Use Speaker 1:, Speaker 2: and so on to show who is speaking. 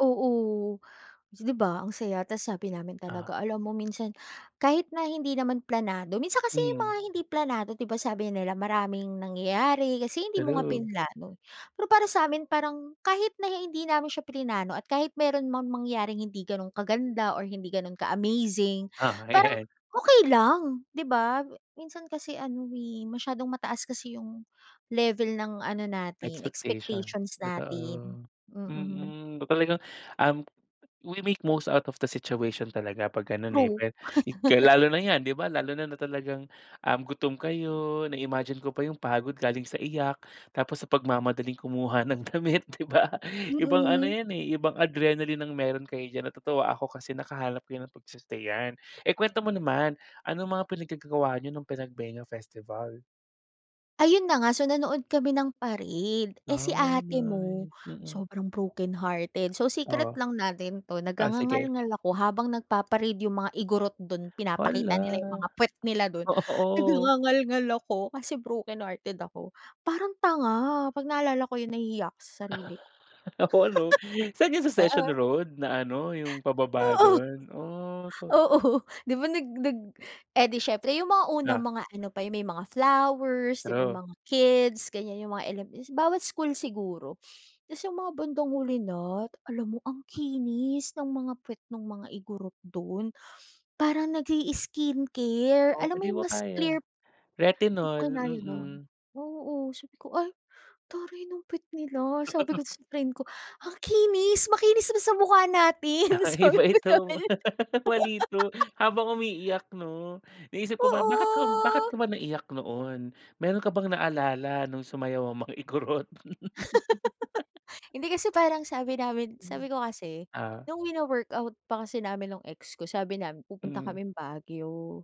Speaker 1: Oo. 'Di ba, ang saya. Tapos sabi namin
Speaker 2: Ah.
Speaker 1: talaga, alam mo minsan, kahit na hindi naman planado minsan kasi 'yung
Speaker 2: Hmm.
Speaker 1: mga hindi planado, 'di ba, sabi nila maraming nangyayari kasi hindi mo nga
Speaker 2: True.
Speaker 1: pinlano. Pero para sa amin, parang kahit na hindi namin siya plinano at kahit meron mang mangyaring hindi ganun kaganda or hindi gano'n ka-amazing,
Speaker 2: Ah,
Speaker 1: parang
Speaker 2: Ayan.
Speaker 1: okey lang, 'di ba? Minsan kasi ano eh, masyadong mataas kasi 'yung level ng ano natin
Speaker 2: Expectation.
Speaker 1: expectations natin.
Speaker 2: Totoo,
Speaker 1: Mm.
Speaker 2: mm. Talagang, um, we make most out of the situation talaga 'pag ganun, eh.
Speaker 1: True.
Speaker 2: Well, lalo na yan, 'di ba? Lalo na na talagang um, gutom kayo na-imagine ko pa 'yung pagod galing sa iyak. Tapos sa pagmamadaling kumuha ng damit, 'di ba? Ibang ano
Speaker 1: Mm.
Speaker 2: yan eh, ibang adrenaline ang meron kayo diyan. Natutuwa ako kasi nakahanap ka ng pag-i-stayan. Ikuwento mo naman, anong mga pinaggagawa niyo nung Panagbenga Festival?
Speaker 1: Ayun na nga, so nanood kami ng parade. Eh, si
Speaker 2: Ay
Speaker 1: ate mo
Speaker 2: nice. Mm.
Speaker 1: sobrang brokenhearted. So, secret
Speaker 2: Oo.
Speaker 1: lang natin 'to.
Speaker 2: Ah sige.
Speaker 1: Nag-ngangangalngal ako habang nagpa-parade 'yung mga Igorot dun, pinapakita nila 'yung
Speaker 2: Hala.
Speaker 1: mga pwet nila dun, nag
Speaker 2: Oo.
Speaker 1: nagngangalngal ako kasi brokenhearted ako. Parang tanga, 'pag naaalala ko 'yun, nahihiya ako sa sarili ko.
Speaker 2: Oo, ano San 'yan sa Session
Speaker 1: [unintelligible]
Speaker 2: Road? Na ano 'yung pababa
Speaker 1: Oo.
Speaker 2: dun, oh.
Speaker 1: Oo, 'di ba, nag nag Eh, 'di siyempre 'yung mga unang
Speaker 2: Ah.
Speaker 1: mga ano pa, 'yung may mga flowers, 'di ba,
Speaker 2: True.
Speaker 1: mga kids ganyan, 'yung mga element bawat school siguro. Tapos 'yung mga bandang huli na. Alam mo ang kinis ng mga puwet nung mga Igorot dun, parang nag-i-skincare.
Speaker 2: Oh,
Speaker 1: Alam mo
Speaker 2: 'di
Speaker 1: 'yung
Speaker 2: mo,
Speaker 1: mas
Speaker 2: kaya
Speaker 1: clear di
Speaker 2: retinol.
Speaker 1: ko kinaya, nun.
Speaker 2: Mm.
Speaker 1: Oo, sabi ko, "Ay, taray ng puwet nila." sabi ko sa friend ko, "Ang kinis makinis pa sa mukha natin!"
Speaker 2: Ah,
Speaker 1: Sabi
Speaker 2: iba
Speaker 1: ko sa
Speaker 2: ito.
Speaker 1: friend.
Speaker 2: Waley 'to. Habang umiiyak, 'no, naisip ko ba bakit ka bakit
Speaker 1: Oo.
Speaker 2: ka ba naiiyak noon, meron ka bang naalala nung sumayaw mga Igorot?
Speaker 1: Hindi kasi parang sabi namin sabi ko kasi,
Speaker 2: Ah.
Speaker 1: nung wino-work out pa kasi namin nung ex ko, sabi namin pupunta
Speaker 2: Hmm.
Speaker 1: kaming Baguio.